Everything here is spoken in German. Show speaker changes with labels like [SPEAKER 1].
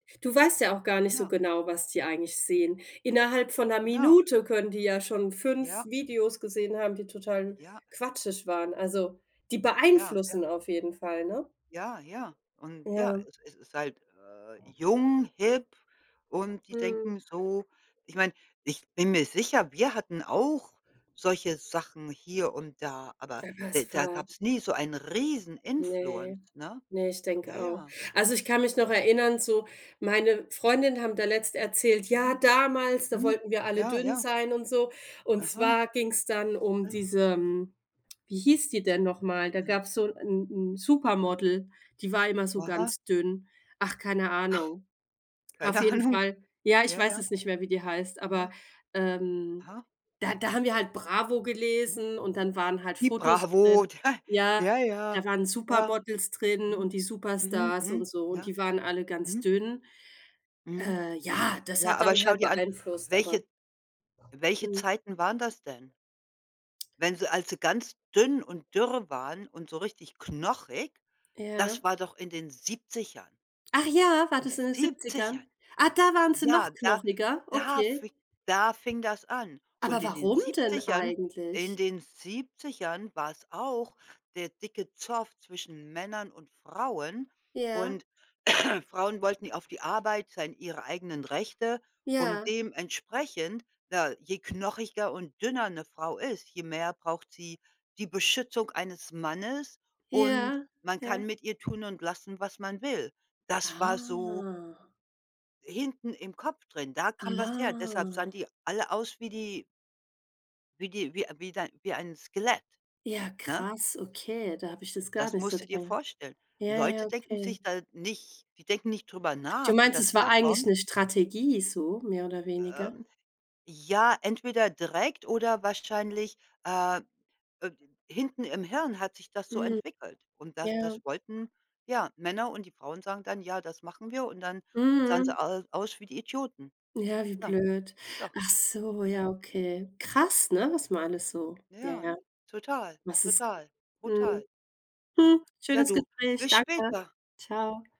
[SPEAKER 1] Du weißt ja auch gar nicht so
[SPEAKER 2] Ja.
[SPEAKER 1] genau, was die eigentlich sehen. Innerhalb von ’ner
[SPEAKER 2] Genau.
[SPEAKER 1] Minute können die ja schon 5
[SPEAKER 2] Ja.
[SPEAKER 1] Videos gesehen haben, die total n
[SPEAKER 2] Ja,
[SPEAKER 1] quatschig waren. Also die
[SPEAKER 2] Ja, ja.
[SPEAKER 1] beeinflussen auf jeden Fall, ne?
[SPEAKER 2] Ja, ja und ja,
[SPEAKER 1] Ja.
[SPEAKER 2] es ist ist halt, äh, „jung, hip”, und die
[SPEAKER 1] Mhm.
[SPEAKER 2] denken so ich meine, ich bin mir sicher, wir hatten auch solche Sachen hier und da, aber
[SPEAKER 1] Aber
[SPEAKER 2] de
[SPEAKER 1] es
[SPEAKER 2] da
[SPEAKER 1] war
[SPEAKER 2] gab's nie so einen riesen influence,
[SPEAKER 1] Ne,
[SPEAKER 2] ne?
[SPEAKER 1] ne, ich
[SPEAKER 2] Ja,
[SPEAKER 1] denke auch.
[SPEAKER 2] ja.
[SPEAKER 1] Also, ich kann mich noch erinnern, so meine Freundinnen haben da letztens erzählt: „Ja,
[SPEAKER 2] Mhm.
[SPEAKER 1] damals, da
[SPEAKER 2] Mhm.
[SPEAKER 1] wollten wir alle
[SPEAKER 2] Ja,
[SPEAKER 1] dünn
[SPEAKER 2] ja.
[SPEAKER 1] sein und so.” Und
[SPEAKER 2] Aha.
[SPEAKER 1] zwar ging's dann um
[SPEAKER 2] Was?
[SPEAKER 1] diese hm, wie hieß die denn noch mal? Da
[SPEAKER 2] Mhm.
[SPEAKER 1] gab's so 'n 'n 'n
[SPEAKER 2] A
[SPEAKER 1] Supermodel, die war immer so
[SPEAKER 2] Aha.
[SPEAKER 1] ganz dünn. Ach, keine Ahnung. Auf
[SPEAKER 2] Keine
[SPEAKER 1] jeden
[SPEAKER 2] Ahnung.
[SPEAKER 1] Fall ja, ich
[SPEAKER 2] Ja,
[SPEAKER 1] weiß
[SPEAKER 2] ja.
[SPEAKER 1] es nicht mehr, wie die heißt, aber,
[SPEAKER 2] Na.
[SPEAKER 1] ähm,
[SPEAKER 2] Aha.
[SPEAKER 1] da da haben wir halt Bravo
[SPEAKER 2] Mhm.
[SPEAKER 1] gelesen und dann waren halt
[SPEAKER 2] Die
[SPEAKER 1] Fotos
[SPEAKER 2] Bravo,
[SPEAKER 1] drin
[SPEAKER 2] da
[SPEAKER 1] ja.
[SPEAKER 2] Ja, ja.
[SPEAKER 1] Da waren
[SPEAKER 2] Ja.
[SPEAKER 1] Supermodels drin und
[SPEAKER 2] Mhm,
[SPEAKER 1] die
[SPEAKER 2] mhm,
[SPEAKER 1] Superstars und
[SPEAKER 2] mhm.
[SPEAKER 1] so und
[SPEAKER 2] Ja.
[SPEAKER 1] die waren alle ganz
[SPEAKER 2] Mhm.
[SPEAKER 1] dünn.
[SPEAKER 2] Mhm.
[SPEAKER 1] Äh, ja, das
[SPEAKER 2] Ja,
[SPEAKER 1] hat
[SPEAKER 2] aber
[SPEAKER 1] dann
[SPEAKER 2] schau
[SPEAKER 1] halt
[SPEAKER 2] dir an
[SPEAKER 1] beeinflusst, aber
[SPEAKER 2] welche welche
[SPEAKER 1] Mhm.
[SPEAKER 2] Zeiten waren das denn? Wenn sie als sie ganz dünn und dürre waren und so richtig knochig,
[SPEAKER 1] Ja.
[SPEAKER 2] das war doch in den 70ern.
[SPEAKER 1] Ach ja, war
[SPEAKER 2] Die
[SPEAKER 1] das in den
[SPEAKER 2] 70ern
[SPEAKER 1] 70ern? Ah, da waren sie
[SPEAKER 2] Ja,
[SPEAKER 1] noch
[SPEAKER 2] da
[SPEAKER 1] knochiger,
[SPEAKER 2] da
[SPEAKER 1] okay.
[SPEAKER 2] fi da fing das an. Und
[SPEAKER 1] Aber
[SPEAKER 2] in den
[SPEAKER 1] warum denn
[SPEAKER 2] 70ern
[SPEAKER 1] eigentlich?
[SPEAKER 2] in den 70ern war's auch der dicke Zoff zwischen Männern und Frauen.
[SPEAKER 1] Ja.
[SPEAKER 2] Und Frauen wollten ja auf die Arbeit sein ihre eigenen Rechte und
[SPEAKER 1] Ja.
[SPEAKER 2] dementsprechend, da je knochiger und dünner 'ne Frau ist, je mehr braucht sie die „Beschützung eines Mannes”, und
[SPEAKER 1] Ja,
[SPEAKER 2] man kann
[SPEAKER 1] ja.
[SPEAKER 2] mit ihr tun und lassen, was man will. Das war so
[SPEAKER 1] Ah.
[SPEAKER 2] hinten im Kopf drin. Da kam was her, deshalb
[SPEAKER 1] Ah.
[SPEAKER 2] sahen die alle aus wie die wie die wie äh, wie dein wie ein Skelett,
[SPEAKER 1] Ja,
[SPEAKER 2] ne?
[SPEAKER 1] krass, okay, da habe ich das gar
[SPEAKER 2] Das
[SPEAKER 1] nicht so.
[SPEAKER 2] musst du dir
[SPEAKER 1] [unintelligible]
[SPEAKER 2] vorstellen.
[SPEAKER 1] Ja, ja,
[SPEAKER 2] Leute denken
[SPEAKER 1] okay.
[SPEAKER 2] sich da nicht die denken nicht drüber
[SPEAKER 1] Du
[SPEAKER 2] nach, wo
[SPEAKER 1] meinst,
[SPEAKER 2] das
[SPEAKER 1] es war eigentlich
[SPEAKER 2] herkommt
[SPEAKER 1] 'ne Strategie so mehr oder weniger?
[SPEAKER 2] Ähm, ja, entweder direkt oder wahrscheinlich, äh äh, hinten im Hirn hat sich das so
[SPEAKER 1] Hm.
[SPEAKER 2] entwickelt. Und das
[SPEAKER 1] Ja.
[SPEAKER 2] das wollten ja, Männer und die Frauen sagen dann: „Ja, das machen wir”, und dann sahen
[SPEAKER 1] Mhm.
[SPEAKER 2] sie au aus wie die Idioten.
[SPEAKER 1] Ja, wie
[SPEAKER 2] Ja,
[SPEAKER 1] blöd.
[SPEAKER 2] so.
[SPEAKER 1] Achso,
[SPEAKER 2] Ja.
[SPEAKER 1] ja, okay. Krass, ne, was ma alles so
[SPEAKER 2] Na
[SPEAKER 1] ja,
[SPEAKER 2] ja,
[SPEAKER 1] ja,
[SPEAKER 2] total,
[SPEAKER 1] was es g
[SPEAKER 2] total,
[SPEAKER 1] Mhm.
[SPEAKER 2] brutal. Aha.
[SPEAKER 1] Hm,
[SPEAKER 2] Ja,
[SPEAKER 1] schönes
[SPEAKER 2] du,
[SPEAKER 1] Gespräch,
[SPEAKER 2] bis
[SPEAKER 1] danke.
[SPEAKER 2] später.
[SPEAKER 1] Tschau.